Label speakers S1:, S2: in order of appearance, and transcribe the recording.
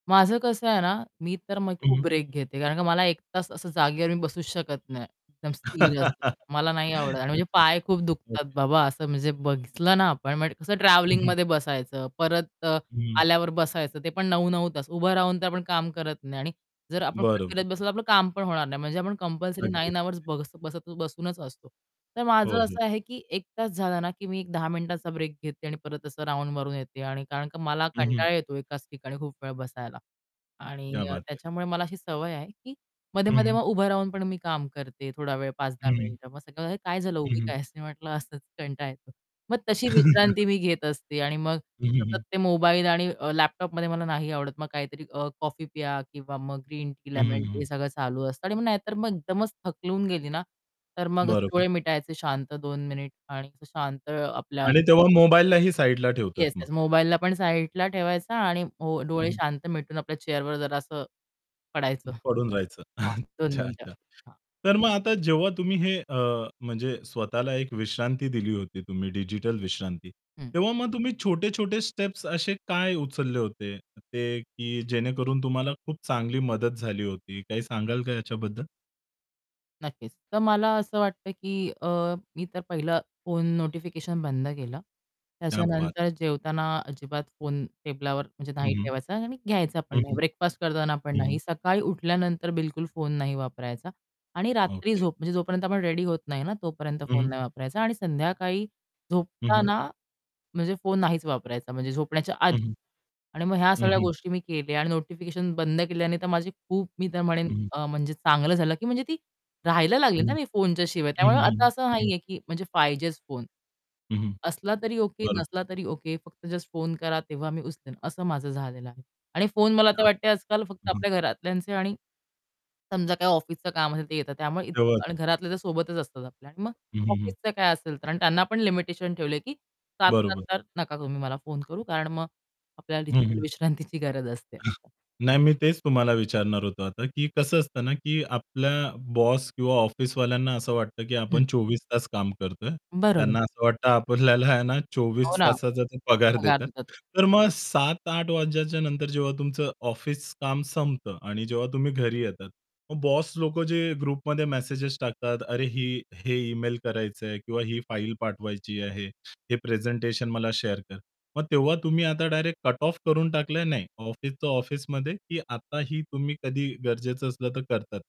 S1: माझं कसं आहे ना मी तर म
S2: हं,
S1: खूप
S2: हं.
S1: ब्रेक घेते, कारण का मला 1 तास असं जागेवर मी बसूच शकत नाही एकदम स्थिर असं.
S2: अच्छा.
S1: मला नाही आवडत आणि म्हणजे पाय खूप दुखतात
S2: ओके.
S1: बाबा, असं म्हणजे बघितलं ना आपण म्हणजे कसं
S2: हं, हं.
S1: ट्रॅव्हलिंगमध्ये बसायचं परत अ,
S2: हं.
S1: आल्यावर बसायचं, ते पण 9-9 तास. उभं राहून तर आपण काम करत नाही आणि जर आपण कुठे
S2: बरोबर.
S1: फिरत बसलो, तर आपलं काम पण होणार नाही म्हणजे आपण कंपल्सरी
S2: अगदीच,
S1: 9
S2: अगदीच.
S1: अवर्स बस बसत बसूनच असतो. तर
S2: हो,
S1: माझं
S2: हो.
S1: असं आहे की 1 तास झाला ना की मी एक 10 मिनिटाचा ब्रेक घेते आणि परत असं राउंड मारून येते. आणि कारण का मला
S2: हं, हं.
S1: कंटाळा येतो एकाच ठिकाणी खूप वेळ बसायला.
S2: उम्म,
S1: आणि
S2: क्या
S1: अ,
S2: बात है!
S1: त्याच्यामुळे मला अशी सवय आहे की
S2: हं,
S1: मध्ये-मध्ये
S2: हं.
S1: मग उभं राहून पण मी काम करते थोडा वेळ 5-10
S2: हं.
S1: मिनिटं मग सगळे म्हणतात, "काय झालं उभी
S2: हं, हं.
S1: का आहेस?" मी म्हटलं "असंच कंटाळा येतो." मग तशी विश्रांती मी घेत असते आणि मग
S2: हं, हं,
S1: सतत
S2: हं.
S1: ते मोबाईल आणि अ, लॅपटॉपमध्ये मला नाही आवडत. मग काहीतरी अ, कॉफी प्या किंवा मग ग्रीन टी,
S2: हं,
S1: लेमन
S2: हं,
S1: टी, हे
S2: हं.
S1: सगळं चालू असतं आणि मग नाहीतर मग एकदमच थकून गेली ना, तर मग असे
S2: बरोबर.
S1: डोळे मिटायचे शांत 2 मिनिट आणि असं शांत आपल्या
S2: आणि तेव्हा मोबाईललाही साइडला ठेवतात
S1: येस
S2: मग.
S1: येस. मोबाईलला पण साइडला ठेवायचा आणि ओ
S2: हं,
S1: डोळे
S2: हं.
S1: शांत मिटून आपल्या चेअरवर जरा असं पडायचं.
S2: उम्म, पडून राहायचं.
S1: हां, 2
S2: अच्छा
S1: मिनिटं.
S2: अच्छा.
S1: हां.
S2: तर मग आता जेव्हा तुम्ही हे अ, म्हणजे स्वतःला एक विश्रांती दिली होती तुम्ही डिजिटल विश्रांती.
S1: हं.
S2: तेव्हा मग तुम्ही छोटे-छोटे स्टेप्स असे काय उचलले होते ते की जेणेकरून तुम्हाला खूप चांगली मदत झाली होती? काही सांगाल का याच्याबद्दल?
S1: नक्कीच. तर मला असं वाटतं की अ, मी तर पहिलं फोन नोटिफिकेशन बंद केलं.
S2: क्या बात
S1: त्याच्यानंतर
S2: है.
S1: जेवताना अजिबात फोन टेबलावर म्हणजे
S2: हं,
S1: नाही
S2: हं.
S1: ठेवायचा आणि घ्यायचा पण
S2: हं,
S1: नाही,
S2: हं.
S1: ब्रेकफास्ट करताना पण
S2: हं,
S1: नाही.
S2: हं.
S1: सकाळी उठल्यानंतर बिलकुल फोन नाही वापरायचा आणि रात्री
S2: ओके.
S1: झोप म्हणजे जोपर्यंत आपण रेडी होत नाही ना, तोपर्यंत
S2: हं,
S1: फोन
S2: हं.
S1: नाही वापरायचा. आणि संध्याकाळी
S2: हं, हं.
S1: झोपताना म्हणजे फोन नाहीच वापरायचा म्हणजे झोपण्याच्या आधी
S2: हं, हं.
S1: आणि मग ह्या
S2: हं,
S1: सगळ्या
S2: हं.
S1: गोष्टी मी केल्या. आणि नोटिफिकेशन बंद केल्याने तर माझी खूप मी तर म्हणेन
S2: हं, हं.
S1: अ, म्हणजे चांगलं झालं की म्हणजे ती राहायला लागली
S2: हं.
S1: ना मी फोनच्या शिवाय,
S2: हं.
S1: त्यामुळे
S2: हं,
S1: आता
S2: हं,
S1: असं
S2: हं. हं.
S1: नाहीये की म्हणजे पाहिजेच फोन.
S2: हं, हं.
S1: असला तरी ओके,
S2: बरोबर.
S1: नसला तरी ओके. फक्त जस्ट फोन करा तेव्हा मी उचलेन असं माझं झालेलं आहे. आणि फोन मला
S2: क्या
S1: आता वाटतंय आजकाल फक्त
S2: हं, हं.
S1: आपल्या घरातल्यांचे आणि समजा काही ऑफिसचं काम असेल, ते येतात त्यामुळे इत आणि
S2: [unintelligible]
S1: घरातले तर सोबतच असतात आपल्या आणि मग
S2: हं, हं, हं.
S1: ऑफिसचं काय असेल तर. आणि त्यांना पण लिमिटेशन ठेवलंय की 7:00
S2: बरोबर.
S1: नंतर नका तुम्ही मला फोन करू, कारण मग आपल्याला
S2: हं,
S1: डिजिटल
S2: हं.
S1: विश्रांतीची गरज असते. असं.
S2: नाही मी तेच तुम्हाला विचारणार होतो आता की कसं असतं ना, की आपल्या बॉस किंवा ऑफिसवाल्यांना असं वाटतं की
S1: हं.
S2: आपण 24 तास काम करतोय.
S1: बरोबर.
S2: त्यांना असं वाटतं आपल्याला आहे ना
S1: हो
S2: 24
S1: ना.
S2: तासाचा ते पगार
S1: पगार
S2: देतात.
S1: देतात.
S2: तर मग 7:00-08:00 वाजल्याच्या नंतर जेव्हा तुमचं ऑफिस काम संपतं आणि जेव्हा तुम्ही घरी येतात, मग बॉस लोक जे ग्रुपमध्ये मेसेजेस टाकतात, "अरे ही हे ईमेल करायचे आहेत. किंवा ही फाइल पाठवायची आहे, हे प्रेझेंटेशन मला शेअर कर." मग तेव्हा तुम्ही आता डायरेक्ट कट ऑफ करून टाकलंय, "नाही, ऑफिसचं ऑफिसमध्ये!"? की आताही तुम्ही कधी गरजेचं असलं तर करतात?